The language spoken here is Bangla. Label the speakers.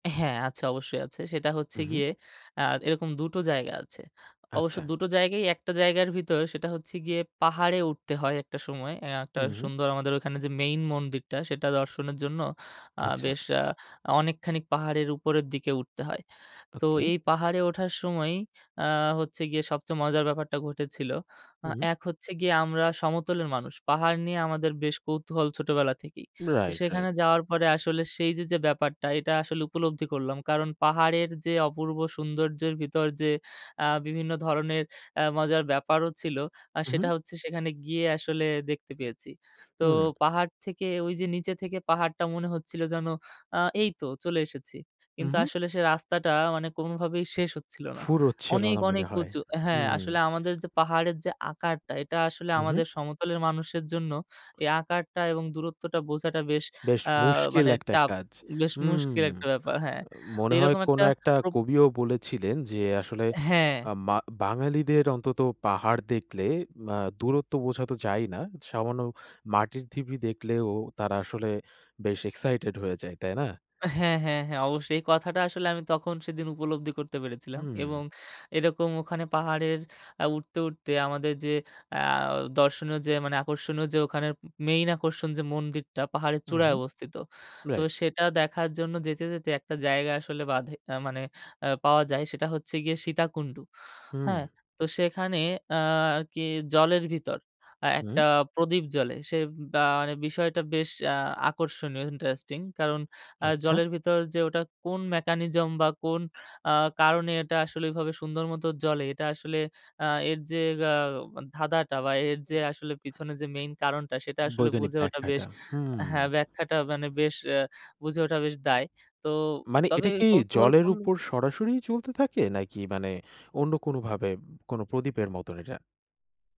Speaker 1: হ্যাঁ। আছে অবশ্যই আছে। সেটা হচ্ছে
Speaker 2: উহু।
Speaker 1: গিয়ে আ এরকম ২ টো জায়গা আছে। অবশ্য
Speaker 2: আচ্ছা।
Speaker 1: ২ টো জায়গায় একটা জায়গার ভিতর। সেটা হচ্ছে গিয়ে পাহাড়ে উঠতে হয় একটা সময়, অ্যা একটা
Speaker 2: উহু।
Speaker 1: সুন্দর আমাদের ওখানে যে মেইন মন্দিরটা সেটা দর্শনের জন্য আ
Speaker 2: আচ্ছা।
Speaker 1: বেশ আ অনেকখানি ক পাহাড়ের উপরের দিকে উঠতে হয়। তো
Speaker 2: ওকে।
Speaker 1: এই পাহাড়ে ওঠার সময়ই আ হচ্ছে গিয়ে সবচেয়ে মজার ব্যাপারটা ঘটেছিল। আ
Speaker 2: উম
Speaker 1: এক হচ্ছে গিয়ে আমরা সমতলের মানুষ। পাহাড় নিয়ে আমাদের বেশ কৌতূহল ছোটবেলা থেকেই। তো
Speaker 2: রাইট, রাইট।
Speaker 1: সেখানে যাওয়ার পরে আসলে সেই যে, যে, ব্যাপারটা এটা আসলে উপলব্ধি করলাম। কারণ পাহাড়ের যে, অপূর্ব সৌন্দর্যের ভিতর যে আ বিভিন্ন ধরনের আ মজার ব্যাপারও ছিল আ সেটা
Speaker 2: উহু।
Speaker 1: হচ্ছে সেখানে গিয়ে আসলে দেখতে পেয়েছি। তো
Speaker 2: হু।
Speaker 1: পাহাড় থেকে ওই যে নিচে থেকে পাহাড়টা মনে হচ্ছিল যেন আ এই তো চলে এসেছি। কিন্তু
Speaker 2: উহু।
Speaker 1: আসলে সে রাস্তাটা মানে কোনভাবেই শেষ হচ্ছিল না।
Speaker 2: ফুরোচ্ছিল
Speaker 1: অনেক,
Speaker 2: না
Speaker 1: অনেক,
Speaker 2: মনে হয়।
Speaker 1: উঁচু অ্যা
Speaker 2: হু।
Speaker 1: হ্যাঁ, আসলে আমাদের যে পাহাড়ের যে আকারটা। এটা আসলে
Speaker 2: উহু।
Speaker 1: আমাদের সমতলের মানুষের জন্য এই আকারটা এবং দূরত্বটা বোঝাটা বেশ
Speaker 2: বেশ
Speaker 1: আ
Speaker 2: মুশকিল
Speaker 1: মানে
Speaker 2: একটা
Speaker 1: tough
Speaker 2: কাজ।
Speaker 1: বেশ
Speaker 2: উম
Speaker 1: মুশকিল একটা ব্যাপার। হ্যাঁ।
Speaker 2: আ
Speaker 1: তো
Speaker 2: মনে হয়
Speaker 1: এরকম
Speaker 2: কোন
Speaker 1: একটা
Speaker 2: একটা
Speaker 1: প্রব
Speaker 2: কবিও বলেছিলেন যে আসলে
Speaker 1: হ্যাঁ।
Speaker 2: আ মা বাঙালিদের অন্তত পাহাড় দেখলে ম্য দূরত্ব বোঝা তো যায়ই না। সামান্য মাটির থিবি দেখলেও তারা আসলে বেশ এক্সাইটেড হয়ে যায়। তাই না?
Speaker 1: হ্যাঁ, হ্যাঁ, হ্যাঁ। অবশ্যই এই কথাটা আসলে আমি তখন সেদিন উপলব্ধি করতে পেরেছিলাম।
Speaker 2: হুম।
Speaker 1: এবং এরকম ওখানে পাহাড়ের আ উঠতে, উঠতে, আমাদের যে আ দর্শনীয় যে মানে আকর্ষণীয় য্‌ ওখানের, মেইন আকর্ষণ যে মন্দিরটা পাহাড়ের
Speaker 2: হু,
Speaker 1: চূড়ায়
Speaker 2: হু
Speaker 1: অবস্থিত। তো
Speaker 2: রাইট।
Speaker 1: সেটা দেখার জন্য যেতে, যেতে একটা জায়গা আসলে বাধে। আ মানে অ্যা পাওয়া যায় সেটা হচ্ছে গিয়ে সীতাকুণ্ড।
Speaker 2: হুম।
Speaker 1: হ্যাঁ তো সেখানে আ আরকি জলের ভিতর আ একটা
Speaker 2: উম
Speaker 1: প্রদীপ জ্বলে। সে বা মানে বিষয়টা বেশ আ আকর্ষণীয় ইন্টারেস্টিং। আ কারণ
Speaker 2: আচ্ছা।
Speaker 1: জলের ভিতর যে ওটা কোন mechanism বা কোন আ কারণে এটা আসলে ওইভাবে সুন্দর মত জ্বলে। এটা আসলে আ এর যে আ ধাঁধাটা বা এর যে
Speaker 2: উ
Speaker 1: আসলে পিছনে যে মেইন কারণটা সেটা আসলে
Speaker 2: বৈজ্ঞানিক
Speaker 1: বুঝে ওটা বেশ
Speaker 2: ব্যাখ্যাটা।
Speaker 1: আ হ্যাঁ,
Speaker 2: হুম।
Speaker 1: ব্যাখ্যাটা মানে বেশ অ্যা বুঝে ওঠা বেশ দায়। তো
Speaker 2: মানে
Speaker 1: তবে
Speaker 2: এটা কি জলের
Speaker 1: কৌতূহলপূর্ণ
Speaker 2: উপর সরাসরিই জ্বলতে থাকে। নাকি মানে অন্য কোনো ভাবে উম কোন প্রদীপের মতন এটা?